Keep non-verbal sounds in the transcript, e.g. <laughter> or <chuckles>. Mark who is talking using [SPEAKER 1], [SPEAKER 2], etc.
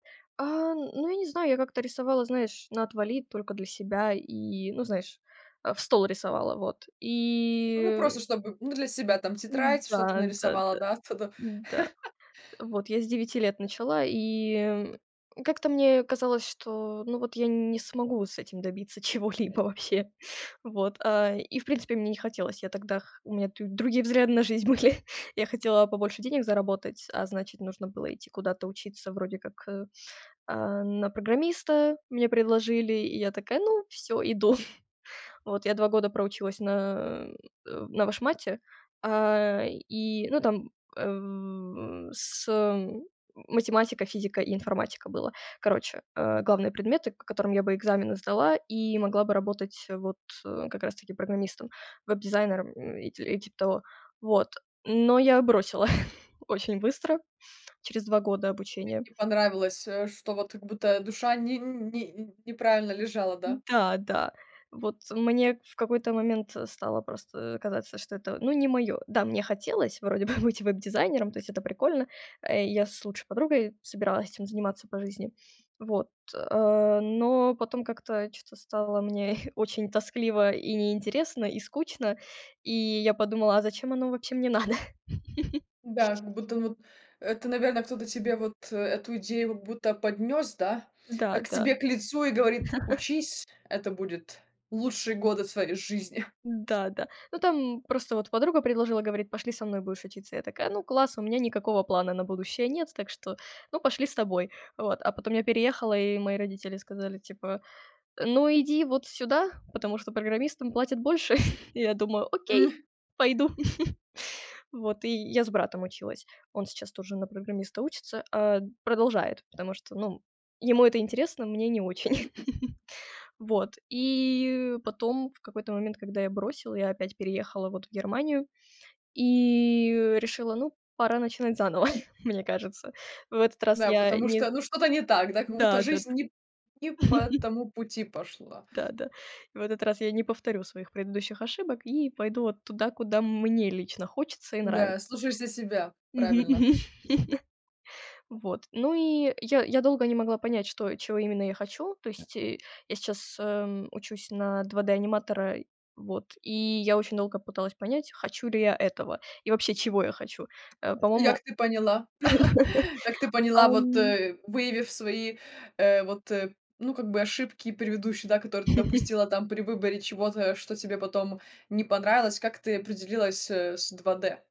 [SPEAKER 1] Э-э, ну, я не знаю, я как-то рисовала, знаешь, "на отвали", только для себя и, ну, знаешь, а, "в стол" рисовала. Вот.
[SPEAKER 2] Ну, просто
[SPEAKER 1] И
[SPEAKER 2] чтобы, ну, для себя там, тетрадь что-то нарисовала,
[SPEAKER 1] Да-да-да,
[SPEAKER 2] да, оттуда.
[SPEAKER 1] да.
[SPEAKER 2] <chuckles>
[SPEAKER 1] Вот я с 9 лет начала и, м, как-то мне казалось, что ну, вот я не смогу с этим добиться чего-либо вообще. Вот. А, и, в принципе, мне не хотелось. Я тогда х у меня тут другие взгляды на жизнь были. Я хотела побольше денег заработать, а значит нужно было идти куда-то учиться вроде как, э, э-э, на программиста. Мне предложили, и я такая: "Ну, всё, иду." <chuckles> Вот я 2 года проучилась на, э-э, на вышмате. Э-э, и, ну, там, э-э, с математика, физика и информатика было. Короче, э, главные предметы, к которым я бы экзамены сдала и могла бы работать вот как раз таки программистом, веб-дизайнером и и типа того, вот. Но я бросила <chuckles> очень быстро, через 2 года
[SPEAKER 2] Не
[SPEAKER 1] обучения.
[SPEAKER 2] не понравилось, э, что вот как будто душа ни ни ни неправильно лежала, да.
[SPEAKER 1] Да, да. Вот мне в какой-то момент стало просто, э, казаться, что это, ну, не моё. Да, мне хотелось вроде бы быть веб-дизайнером, то есть это прикольно. Э, я с лучшей подругой собиралась этим заниматься по жизни, вот. Э, но потом как-то чё-то стало мне <chuckles> очень тоскливо и неинтересно, и скучно. И я подумала: "А зачем оно вообще мне надо?"
[SPEAKER 2] Да,
[SPEAKER 1] <chuckles>
[SPEAKER 2] как будто вот это, наверно, кто-то тебе вот эту идею, как будто поднёс, да, <sniffs> к
[SPEAKER 1] Да-да.
[SPEAKER 2] тебе к лицу и говорит:
[SPEAKER 1] <chuckles>
[SPEAKER 2] "Учись, это будет лучшие годы в твоей жизни!" <chuckles>
[SPEAKER 1] Да-да. Ну, там просто вот подруга предложила, говорит: "Пошли со мной будешь учиться". Я такая: "Ну, класс, у меня никакого плана на будущее нет, так что, ну, пошли с тобой". Вот. А потом я переехала, и мои родители сказали типа: "Ну, иди вот сюда, потому что программистам платят больше" <chuckles> Я думаю: "Окей,
[SPEAKER 2] М.
[SPEAKER 1] пойду". <chuckles> Вот. И я с братом училась. Он сейчас тоже на программиста учится. Э, продолжает, потому что, ну, ему это интересно, мне не очень. <chuckles> Вот, и потом в какой-то момент, когда я бросила, я опять переехала вот в Германию. И решила: ну, пора начинать заново, <chuckles> мне кажется. В этот раз
[SPEAKER 2] Да,
[SPEAKER 1] я
[SPEAKER 2] потому
[SPEAKER 1] не
[SPEAKER 2] что, ну, что-то не так, да, как будто
[SPEAKER 1] Да-да-да.
[SPEAKER 2] жизнь ни п не по
[SPEAKER 1] <chuckles>
[SPEAKER 2] тому пути пошла.
[SPEAKER 1] Да-да. И в этот раз я не повторю своих предыдущих ошибок и пойду вот туда, куда мне лично хочется и нравится.
[SPEAKER 2] Да, слушаешься себя.
[SPEAKER 1] Мгм мгм.
[SPEAKER 2] Правильно.
[SPEAKER 1] <chuckles> Вот, ну, и я я долго не могла понять, что чего именно я хочу. То есть и я сейчас, м, учусь на 2D аниматора. Вот и я очень долго пыталась понять, хочу ли я этого и вообще, чего я хочу? Э,
[SPEAKER 2] И
[SPEAKER 1] по-моему
[SPEAKER 2] как ты поняла <chuckles> как ты
[SPEAKER 1] <chuckles>
[SPEAKER 2] поняла, вот,
[SPEAKER 1] Ам
[SPEAKER 2] э, выявив свои, э, вот, ну, как бы ошибки предыдущие, да, которые ты
[SPEAKER 1] <chuckles>
[SPEAKER 2] допустила там при выборе чего-то, что тебе потом не понравилось, как ты определилась, э, с 2D?